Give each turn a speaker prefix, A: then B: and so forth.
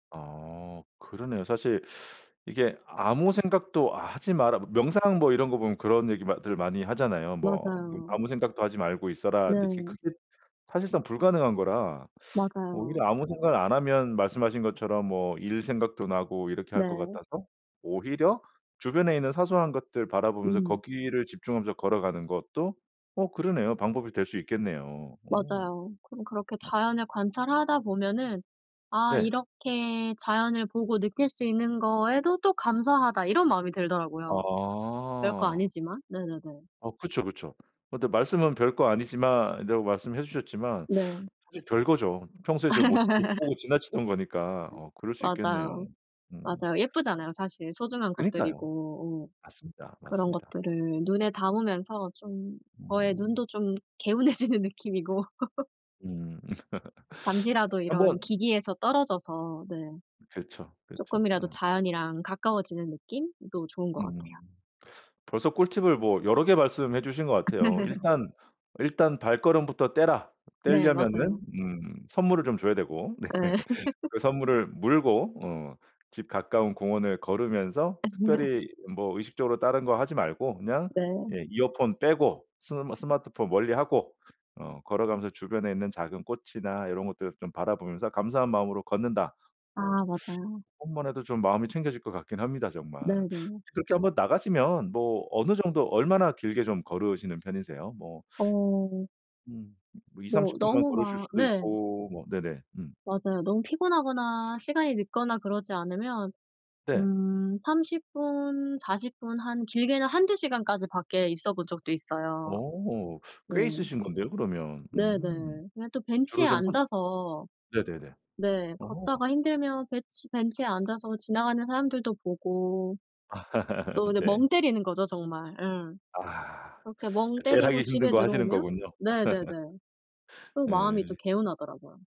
A: 아 그러네요. 사실 이게 아무 생각도 하지 마라 명상 뭐 이런 거 보면 그런 얘기마 들 많이 하잖아요. 뭐 뭐
B: 맞아요.
A: "아무 생각도 하지 말고 있어라." 근데
B: 네.
A: 그게 사실상 불가능한 거라
B: 맞아요.
A: 오히려 아무 생각을 안 하면 말씀하신 것처럼 뭐 일 생각도 나고 이렇게 할 것
B: 네.
A: 같아서 오히려 주변에 있는 사소한 것들 바라보면서
B: 음.
A: 거기를 집중하면서 걸어가는 것도 어 그러네요. 방법이 될 수 있겠네요. 어.
B: 맞아요. 그럼 그렇게
A: 맞아
B: 자연을 관찰하다 보면은 '아
A: 네.
B: 이렇게 자연을 보고 느낄 수 있는 거에도 또 감사하다.' 이런 마음이 들더라고요. 별 거
A: 아.
B: 아니지만. 네네네.
A: 어 그쵸, 그쵸. 근데 말씀은 별거 아니지만 이라고 말씀해 주셨지만
B: 네.
A: 사실 별거죠. 평소에 제가 못 못 보고 지나치던 거니까. 어 그럴 수 있겠네요.
B: 맞아요,
A: 음.
B: 맞아요. 예쁘잖아요. 사실 소중한
A: 그니까요.
B: 것들이고. 어.
A: 맞습니다,
B: 그런
A: 맞습니다.
B: 것들을 눈에 담으면서 좀 저의
A: 음.
B: 눈도 좀 개운해지는 느낌이고
A: 음.
B: 잠시라도
A: 1
B: 이런
A: 번
B: 기기에서 떨어져서 네
A: 그쵸, 그쵸.
B: 쪼끔이라도
A: 어.
B: 자연이랑 가까워지는 느낌도 좋은 것
A: 음.
B: 같아요.
A: 벌써 꿀팁을 뭐 여러 개 말씀해 주신 것 같아요. 일단 "일단 발걸음부터 떼라."
B: 네
A: 떼려면은
B: 맞아요.
A: 음 선물을 좀 줘야 되고 네
B: 네.
A: 그 선물을 물고 어 집 가까운 공원을 걸으면서
B: 음.
A: 특별히 뭐 의식적으로 다른 거 하지 말고 그냥
B: 네.
A: 예 이어폰 빼고 스마 스마트폰 멀리하고 어 걸어가면서 주변에 있는 작은 꽃이나 요런 것들을 좀 바라보면서 감사한 마음으로 걷는다.
B: 아
A: 뭐
B: 맞아요.
A: 그것만 해도 좀 마음이 챙겨질 것 같긴 합니다 정말.
B: 네네.
A: 그렇게 한번 나가시면 뭐 어느 정도 얼마나 길게 좀 걸으시는 편이세요? 뭐
B: 어.
A: 음.
B: 뭐
A: 20-30 만
B: 너무
A: 걸으실
B: 막
A: 수도
B: 네.
A: 있고 뭐 네네. 음.
B: 맞아요. 너무 피곤하거나 시간이 늦거나 그러지 않으면
A: 네.
B: 음 30 40 한 길게는 1-2 시간까지 밖에 있어본 적도 있어요.
A: 어
B: 네.
A: 꽤 있으신 건데요, 그러면. 음.
B: 네네. 그냥 또
A: 주로
B: 벤치에
A: 좀 손
B: 앉아서
A: 네네네.
B: 네
A: 어.
B: 걷다가 힘들면 벤치 벤치에 앉아서 지나가는 사람들도 보고 또 그냥
A: 네.
B: 멍 때리는 거죠 정말. 예.
A: 아.
B: 그렇게 멍
A: 그 제일
B: 때리고
A: 하기 힘든
B: 집에
A: 거 하시는
B: 들어오면
A: 거군요.
B: 네네네 또 마음이 또
A: 네.
B: 개운하더라고요.